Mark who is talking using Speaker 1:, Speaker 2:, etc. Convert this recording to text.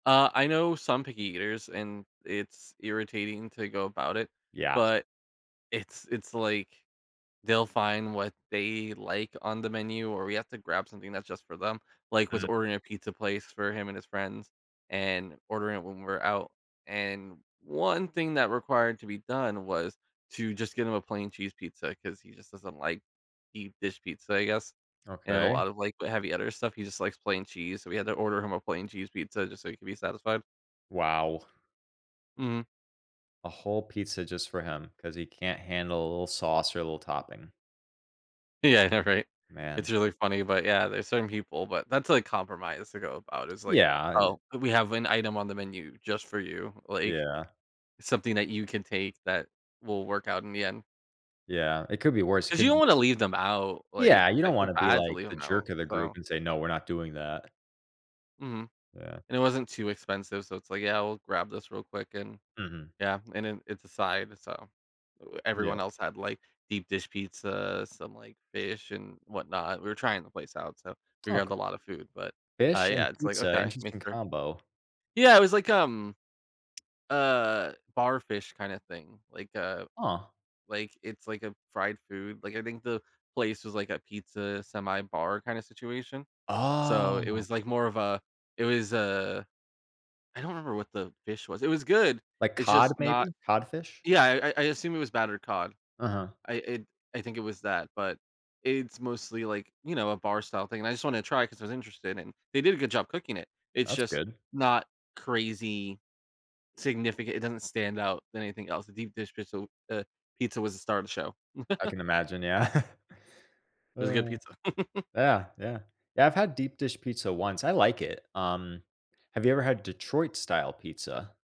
Speaker 1: Uh, I know some picky eaters- and it's irritating to go about it-
Speaker 2: Yeah.
Speaker 1: but it's it's, like, they'll find what they like on the menu, or we have to grab something that's just for them, like, with
Speaker 2: Mm.
Speaker 1: ordering a pizza place for him and his friends, and ordering it when we're out, and one thing that required to be done was to just get him a plain cheese pizza, 'cause he just doesn't like deep dish pizza, I guess, and a
Speaker 2: Okay.
Speaker 1: lot of like heavy other stuff, he just likes plain cheese, so we had to order him a plain cheese pizza just so he could be satisfied.
Speaker 2: Wow.
Speaker 1: Mhm.
Speaker 2: A whole pizza just for him, 'cause he can't handle a little sauce or a little topping.
Speaker 1: Yeah, I know, right? It's
Speaker 2: Man.
Speaker 1: really funny, but yeah, there's certain people, but that's compromise to go about, it's like,
Speaker 2: Yeah i
Speaker 1: "Oh, we have an item on the menu just for you, like,
Speaker 2: Yeah.
Speaker 1: something that you can take that will work out in the end."
Speaker 2: Yeah, it could be worse, it
Speaker 1: 'Cause you
Speaker 2: could
Speaker 1: don't
Speaker 2: be
Speaker 1: wanna
Speaker 2: s
Speaker 1: leave them out, like,
Speaker 2: Yeah, you
Speaker 1: I
Speaker 2: don't
Speaker 1: feel
Speaker 2: wanna be
Speaker 1: bad to
Speaker 2: like
Speaker 1: leave
Speaker 2: the
Speaker 1: 'em
Speaker 2: jerk
Speaker 1: out,
Speaker 2: of the group
Speaker 1: so
Speaker 2: and say, "No, we're not doing that."
Speaker 1: Mhm.
Speaker 2: Yeah.
Speaker 1: And it wasn't too expensive, so it's, like, "Yeah, I'll grab this real quick," and
Speaker 2: Mhm.
Speaker 1: yeah, and then it's a side, so e
Speaker 2: Yeah.
Speaker 1: everyone else had like deep dish pizza, some like fish and whatnot we were trying the place out, so we grabbed
Speaker 2: OK.
Speaker 1: a lotta food, but uh
Speaker 2: Fish and
Speaker 1: yeah, it's, like,
Speaker 2: pizza,
Speaker 1: "Okay, make
Speaker 2: interesting
Speaker 1: sure."
Speaker 2: combo.
Speaker 1: Yeah, it was like, um, uh, bar fish kind of thing, like, uh,
Speaker 2: Huh.
Speaker 1: like, it's, like, a fried food, like, I think the place was like a pizza semi-bar kinda situation, so it
Speaker 2: Oh.
Speaker 1: was like more of a it was a I don't remember what the fish was it was good,
Speaker 2: Like
Speaker 1: it's
Speaker 2: cod
Speaker 1: just not
Speaker 2: maybe, codfish?
Speaker 1: Yeah, I I I assume it was battered cod.
Speaker 2: Uh-huh.
Speaker 1: I, i I think it was that, but it's mostly like, you know, a bar-style thing, and I just wanted to try it cause I was interested, and they did a good job cooking it, it's
Speaker 2: That's
Speaker 1: just
Speaker 2: good.
Speaker 1: not crazy significant it doesn't stand out anything else. The deep dish pizza, w eh, pizza was the star of the show.
Speaker 2: I can imagine, yeah.
Speaker 1: It was a good pizza.
Speaker 2: Yeah, yeah, yeah, I've had deep dish pizza once, I like it. Um, have you ever had Detroit-style pizza?